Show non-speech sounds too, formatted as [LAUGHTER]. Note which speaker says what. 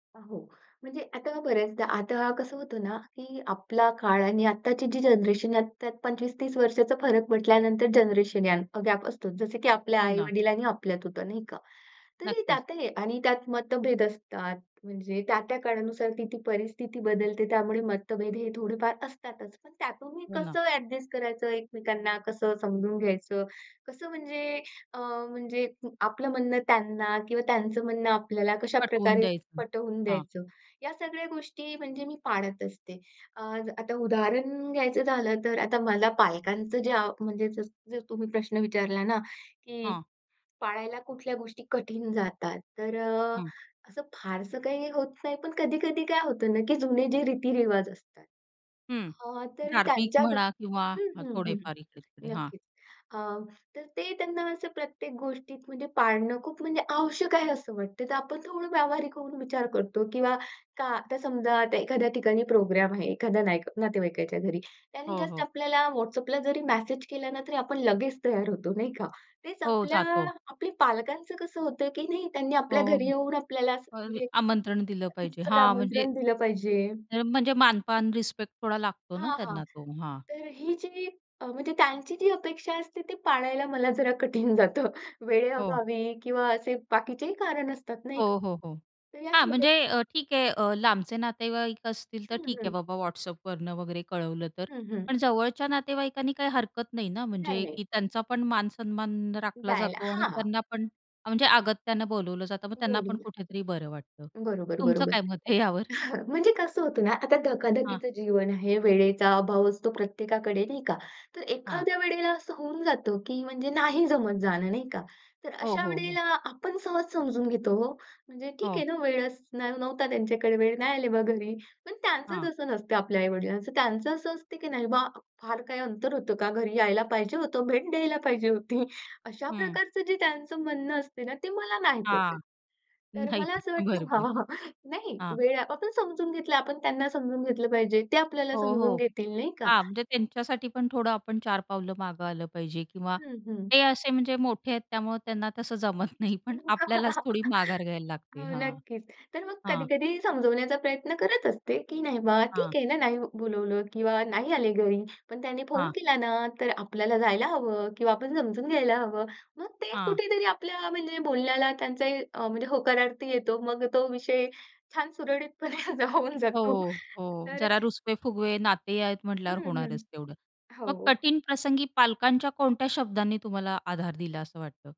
Speaker 1: अ, हो. म्हणजे आता बऱ्याचदा आता कसं होतं ना की आपला काळ आणि आत्ताची जी जनरेशन, ह्यात त्यात 25-30 वर्षांचा फरक म्हटल्यानंतर जनरेशन या अ, गॅप असतोच. जसं की आपल्या
Speaker 2: हो ना.
Speaker 1: आई-वडील आणि आपल्यात होतं, नाही का? तरी
Speaker 2: नक्कीच.
Speaker 1: त्यातही आणि त्यात मतभेद असतात. म्हणजे त्या-त्या काळानुसार ती-ती परिस्थिती बदलते, त्यामुळे मतभेद हे थोडेफार असतातच. पण त्यातून मी
Speaker 2: हो ना.
Speaker 1: कसं ॲडजस्ट करायचं, एकमेकांना कसं समजून घ्यायचं, कसं म्हणजे अ, म्हणजे आपलं म्हणणं त्यांना किंवा त्यांचं म्हणणं आपल्याला कशा
Speaker 2: पटवून
Speaker 1: प्रकारे
Speaker 2: द्यायचं.
Speaker 1: पटवून
Speaker 2: हां.
Speaker 1: द्यायचं, या सगळ्या गोष्टी म्हणजे मी पाळत असते. अ, आता उदाहरण घ्यायचं झालं तर आता मला पालकांचं जे अ, म्हणजे जर तुम्ही प्रश्न विचारला ना की
Speaker 2: हां.
Speaker 1: पाळायला कुठल्या गोष्टी कठीण जातात. तर अ,
Speaker 2: हं.
Speaker 1: असं फारसं काही होत नाही, पण कधी-कधी काय होतं ना की जुने जे रीतीरिवाज असतात,
Speaker 2: हं,
Speaker 1: अ, तर
Speaker 2: धार्मिक
Speaker 1: त्यांच्या
Speaker 2: म्हणा
Speaker 1: दृष्टी
Speaker 2: किंवा ह
Speaker 1: हं, हं, हं.
Speaker 2: थोडेफार इकडे-तिकडे. हां.
Speaker 1: नक्कीच. अ, तर ते त्यांना असं प्रत्येक गोष्टीत म्हणजे पाळणं खूप म्हणजे आवश्यक आहे असं वाटतं. तर आपण थोडं व्यावहारिक होऊन विचार करतो किंवा का आता समजा आता एखाद्या ठिकाणी प्रोग्राम आहे, एखाद्या नाईक नातेवाईकाच्या घरी. त्यांनी
Speaker 2: हो,
Speaker 1: जस्ट
Speaker 2: हो.
Speaker 1: आपल्याला WhatsAppला जरी मेसेज केला ना, तरी आपण लगेच तयार होतो, नाही का? तेच
Speaker 2: हो,
Speaker 1: आपल्या
Speaker 2: जातो.
Speaker 1: आपली पालकांचं कसं होतं की नाही, त्यांनी आपल्या
Speaker 2: हो.
Speaker 1: घरी येऊन आपल्याला असं
Speaker 2: अरे
Speaker 1: म्हणजे
Speaker 2: आमंत्रण दिलं पाहिजे,
Speaker 1: रीतसर
Speaker 2: हां. म्हणजे
Speaker 1: आमंत्रण दिलं पाहिजे.
Speaker 2: हे म्हणजे मानपान, रिस्पेक्ट थोडा लागतो ना
Speaker 1: हां, हां.
Speaker 2: त्यांना तो. हां.
Speaker 1: तर अ, ही जी अ, म्हणजे त्यांची जी अपेक्षा असते ती पाळायला मला जरा कठीण जातं.
Speaker 2: हो.
Speaker 1: वेळेअभावी किंवा असे बाकीचेही कारण असतात, नाही
Speaker 2: हो,
Speaker 1: का?
Speaker 2: हो, हो.
Speaker 1: तर या
Speaker 2: हां,
Speaker 1: छोट्या
Speaker 2: म्हणजे अ, ठीक आहे. अ, लांबचे नातेवाईक असतील तर
Speaker 1: हं,
Speaker 2: ठीक आहे
Speaker 1: हं.
Speaker 2: बाबा, WhatsAppवरनं वगैरे कळवलं तर.
Speaker 1: हं, हं.
Speaker 2: पण जवळच्या नातेवाईकांनी, काही हरकत नाही ना
Speaker 1: नाही,
Speaker 2: म्हणजे,
Speaker 1: नाही.
Speaker 2: की त्यांचा पण मानसन्मान राखला
Speaker 1: द्यायला
Speaker 2: जातो आणि
Speaker 1: हां.
Speaker 2: त्यांना पण अ म्हणजे अगत्यानं बोलावलं जातं. मग त्यांना पण
Speaker 1: बोलूद्या.
Speaker 2: कुठेतरी बरं वाटतं.
Speaker 1: बरोबर,
Speaker 2: तुमचं
Speaker 1: बरोबर.
Speaker 2: काय मत आहे यावर?
Speaker 1: [CHUCKLES] म्हणजे कसं होतं ना, आता
Speaker 2: हां.
Speaker 1: धकाधकीचं जीवन आहे. वेळेचा अभाव असतो प्रत्येकाकडे, नाही का? तर
Speaker 2: हां.
Speaker 1: एखाद्या वेळेला असं होऊन जातं की म्हणजे नाही जमत जाणं, नाही का? तर
Speaker 2: हो,
Speaker 1: अशा
Speaker 2: हो, हो.
Speaker 1: वेळेला आपण सहज समजून घेतो हो. म्हणजे ठीक
Speaker 2: हो.
Speaker 1: आहे ना, वेळच न नव्हता त्यांच्याकडे, वेळ नाही आले बा घरी. पण त्यांचं
Speaker 2: हां.
Speaker 1: तसं नसतं, आपल्या आई-वडिलांचं, त्यांचं असं असतं की "नाही बा, फार काही अंतर होतं का? घरी यायला पाहिजे होतं. भेट द्यायला पाहिजे होती." अशा
Speaker 2: हं.
Speaker 1: प्रकारचं जे त्यांचं म्हणणं असतं ना, ते मला नाही पटत.
Speaker 2: हां.
Speaker 1: तर
Speaker 2: नाही
Speaker 1: मला असं
Speaker 2: [UNINTELLIGIBLE]
Speaker 1: वाटतं हां,
Speaker 2: बरोबर.
Speaker 1: हां. नाही,
Speaker 2: हां.
Speaker 1: वेळ आपण समजून घेतलं, आपण त्यांना समजून घेतलं पाहिजे. ते आपल्याला
Speaker 2: हो,
Speaker 1: समजून
Speaker 2: हो.
Speaker 1: घेतील, नाही का?
Speaker 2: हां, म्हणजे त्यांच्यासाठी पण थोडं आपण चार पावलं मागे आलं पाहिजे किंवा
Speaker 1: हं, हं.
Speaker 2: ते असे म्हणजे मोठे आहेत त्यामुळं त्यांना तसं जमत नाही, पण आपल्यालाच
Speaker 1: [CHUCKLES]
Speaker 2: थोडी माघार घ्यायला लागते.
Speaker 1: हो
Speaker 2: हां,
Speaker 1: नक्कीच. तर मग
Speaker 2: हां.
Speaker 1: कधी-कधी समजवण्याचा प्रयत्न करत असते की "नाही बा,
Speaker 2: हां.
Speaker 1: ठीक आहे ना. नाही बोलावलं किंवा नाही आले घरी. पण त्यांनी फोन
Speaker 2: हां.
Speaker 1: केला ना? तर आपल्याला जायला हवं. किंवा आपण समजून घ्यायला हवं." मग ते
Speaker 2: हां.
Speaker 1: कुठेतरी आपल्या म्हणजे बोलण्याला त्यांचाही अ, म्हणजे होकारार्थी येतो. मग तो विषय छान सुरळीतपणे हा जा होऊन
Speaker 2: हो,
Speaker 1: जातो.
Speaker 2: हो.
Speaker 1: तर अ,
Speaker 2: जरा रुसवे-फुगवे नाते आहेत
Speaker 1: हं,
Speaker 2: म्हटल्यावर
Speaker 1: हं.
Speaker 2: होणारच तेवढं.
Speaker 1: हो.
Speaker 2: मग कठीण प्रसंगी पालकांच्या कोणत्या शब्दांनी तुम्हाला आधार दिला असं वाटतं?